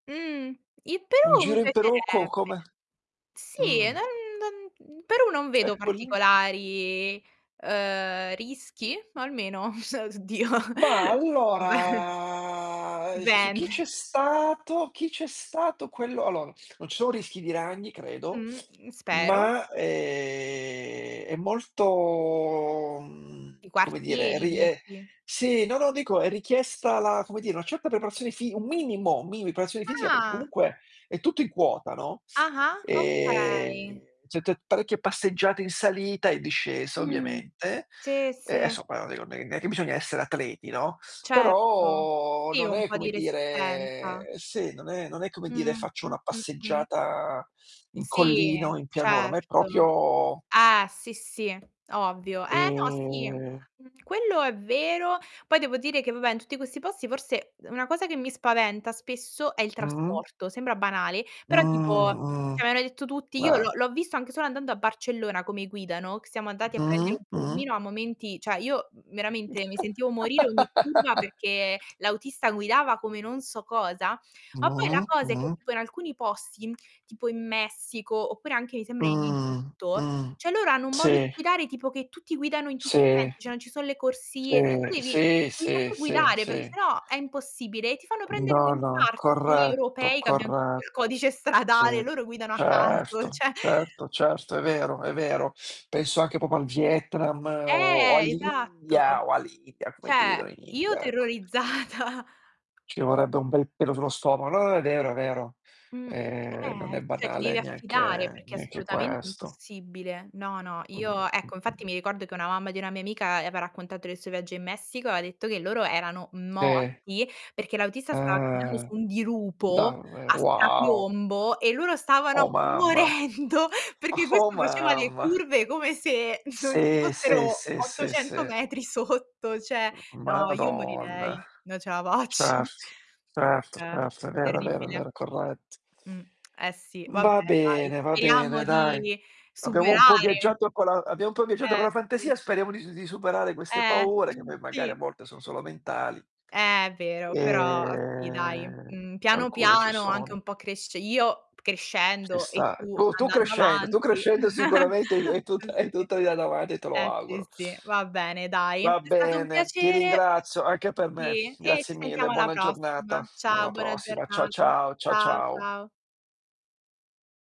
Mhmm, il Un Perù mi giro in Perù co piacerebbe. come? Sì, Mhmm. non non Perù non vedo Eccoli. particolari, ehm, rischi? O almeno [unintelligible] S oddio, ma beh allora, su dipende. chi c'è stato chi c'è stato quello, allora, non ci sono rischi di ragni, credo, Mhmm, spero. ma ehm, è molto, I mhmm, come dire, quartieri, ri e dici. Sì, no no dico è richiesta la, come dire, una certa preparazione fi un minimo, mini preparazione fisica, per Ah. comunque è tutto in quota, no, Ah-ah, ehm, okay. setté parecchie passeggiate in salita e discesa, Mhmm, ovviamente, sì, e sì. somma [unintelligible] neanche è bisogna essere atleti, no, Certo, però sì non un è po' come di resistenza. dire, se non è non è come dire Mh. faccio Mh, una mh, mh. passeggiata in Sì, collina o in pianura, ma è certo. proprio Eh, sì, sì, ovvio. Eh no, sì ehm quello è vero poi devo dire che, vabbè, in tutti questi posti forse una cosa che mi spaventa spesso è il Mh-mh. trasporto. Sembra banale, Mh, però tipo, mh. cioè me l'hanno detto tutti, io Ah. l'ho l'ho visto anche solo andando a Barcellona, come guida, no, che siamo andati a Mh, prendere un mh. pulmino a momenti cioè io veramente mi sentivo morire ogni curva perché l'autista guidava come non so cosa, ma poi la Mh-mh. cosa è che Mh. tipo in alcuni posti, tipo in Messico oppure anche mi sembra in Mh, Egitto, mh. cioè loro hanno un modo di Sì. guidare, tipo che tutti guidano in tutti i Sì. sensi, cioè non ci sono le corsie, cioè Si, tu devi sì, devi sì, saper sì, guidare perché sì. se no è impossibile, e ti fanno prendere un No, no, infarto. Noi corretto, europei che abbiamo tutto il corretto. codice stradale, Sì. loro guidano a caso, Certo, cioè certo, certo, è vero è vero. Penso anche proprio al Vietnam o Eh, all' esatto! India o all'India come Cioè, guidano in io India, ecco. terrorizzata. Ci vorrebbe un bel pelo sullo stomaco no, è vero è vero. Mh, Ehm, non è eh, cioè ti banale devi affidare, neanche perché è neanche assolutamente questo. impossibile. No, no, Mh, io, mh, ecco, mh. infatti mi ricordo che una mamma di una mia amica, aveva raccontato del suo viaggio in Messico, e ha detto che loro erano Sì. morti, perché l'autista stava camminando Ehm, su un dirupo davver a wow! strapiombo e loro Oh stavano mamma, morendo perché oh questo faceva le mamma! curve come se non ci Sì, sì, fossero sì, sì, 800 sì. metri sotto, cioè no io Madonna! morirei, non ce la faccio. Certo, certo, Eh. certo. È vero, è vero, Terribile. vero, è corretto. Mh, eh sì, vabbè Va dai, bene, va bene speriamo dai. di Abbiamo un po' superare viaggiato con la abbiamo un po' viaggiato con la Eh sì. fantasia e speriamo di s di superare queste Eh, paure, che mhmm, poi magari a sì. volte sono solo mentali. Eh, vero, però sì dai. Ehm, Mhmm, piano alcune ci piano anche sono. un po' cresce io Ci crescendo e sta, tu tu tu andando crescendo tu avanti, crescendo sicuramente hai eh tutta hai si. tutta la vita davanti e te lo Eh, auguro. sì, sì, va bene dai. Va È stato un bene, ti piacere ringrazio anche per me. e e Grazie ci mille, sentiamo alla buona prossima. giornata. Ciao Alla buona prossima. Cia giornata. ciao, cia Ciao ciao. ciao.